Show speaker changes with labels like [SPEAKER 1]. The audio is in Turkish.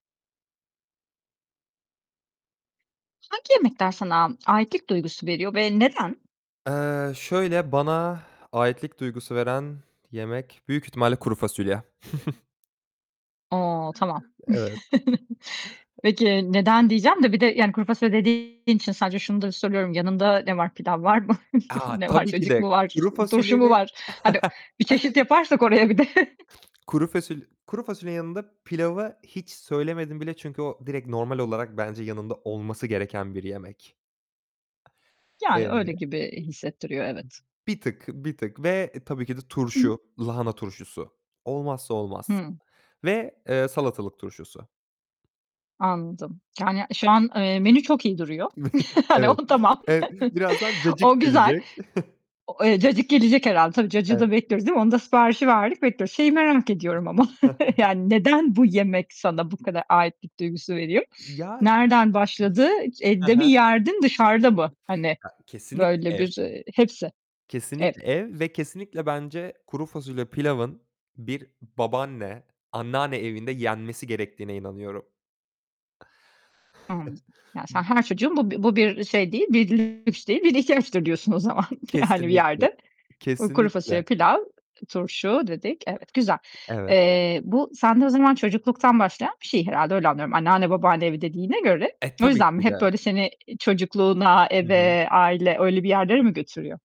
[SPEAKER 1] Hangi yemekler sana aitlik duygusu veriyor ve neden?
[SPEAKER 2] Eee, şöyle, bana aitlik duygusu veren yemek büyük ihtimalle kuru fasulye.
[SPEAKER 1] A tamam.
[SPEAKER 2] Evet.
[SPEAKER 1] Peki neden diyeceğim de; bir de yani kuru fasulye dediğin için sadece şunu da soruyorum yanında ne var? Pilav var mı?
[SPEAKER 2] A!
[SPEAKER 1] Ne var?
[SPEAKER 2] Tabii ki
[SPEAKER 1] Cacık
[SPEAKER 2] de
[SPEAKER 1] mı var?
[SPEAKER 2] kuru
[SPEAKER 1] Turşu mu
[SPEAKER 2] fasulyenin
[SPEAKER 1] var? Hani bir çeşit yaparsak oraya bir de.
[SPEAKER 2] kuru fasulye kuru fasulyenin yanında pilavı hiç söylemedim bile, çünkü o direkt normal olarak bence yanında olması gereken bir yemek.
[SPEAKER 1] Yani
[SPEAKER 2] Eee
[SPEAKER 1] öyle gibi hissettiriyor, evet.
[SPEAKER 2] bir tık, bir tık ve tabii ki de
[SPEAKER 1] Hı.
[SPEAKER 2] turşu, lahana turşusu. Olmazsa olmaz
[SPEAKER 1] Hı.
[SPEAKER 2] ve, eee, salatalık turşusu.
[SPEAKER 1] Anladım. Yani şu an, eee, menü çok iyi duruyor. Hani
[SPEAKER 2] Evet.
[SPEAKER 1] o tamam.
[SPEAKER 2] Evet, birazdan cacık
[SPEAKER 1] O güzel.
[SPEAKER 2] gelecek.
[SPEAKER 1] Cacık gelecek herhâlde. Tabii cacığı da
[SPEAKER 2] Evet.
[SPEAKER 1] bekliyoruz, değil mi? Onu da siparişi verdik, bekliyoruz. Şeyi merak ediyorum ama yani neden bu yemek sana bu kadar aitlik duygusu veriyor?
[SPEAKER 2] Ya.
[SPEAKER 1] Nereden başladı?
[SPEAKER 2] Hı
[SPEAKER 1] Evde mi
[SPEAKER 2] hı.
[SPEAKER 1] yerdin, dışarıda mı? Hani
[SPEAKER 2] A kesinlikle
[SPEAKER 1] böyle
[SPEAKER 2] ev.
[SPEAKER 1] bir hepsi. Evet.
[SPEAKER 2] Kesinlikle ev ve kesinlikle bence kuru fasulye pilavın bir babaanne, anneanne evinde yenmesi gerektiğine inanıyorum.
[SPEAKER 1] Hımm. Ya sen her çocuğun bu bir bu belirli bir şey değil, bir ihtiyaçtır diyorsun, o zaman, hani bir
[SPEAKER 2] Kesinlikle,
[SPEAKER 1] yerde. Kuru fasulye,
[SPEAKER 2] kesinlikle.
[SPEAKER 1] pilav, turşu dedik. Evet. Güzel.
[SPEAKER 2] Evet.
[SPEAKER 1] Eee, bu sende o zaman, çocukluktan başlayan bir şey herhâlde, öyle anlıyorum anneanne, babaanne, evi dediğine göre.
[SPEAKER 2] E
[SPEAKER 1] O
[SPEAKER 2] tabii
[SPEAKER 1] yüzden mi?
[SPEAKER 2] ki
[SPEAKER 1] Hep
[SPEAKER 2] de.
[SPEAKER 1] böyle seni çocukluğuna,
[SPEAKER 2] Hı hı.
[SPEAKER 1] eve, aile öyle bir yerlere mi götürüyor?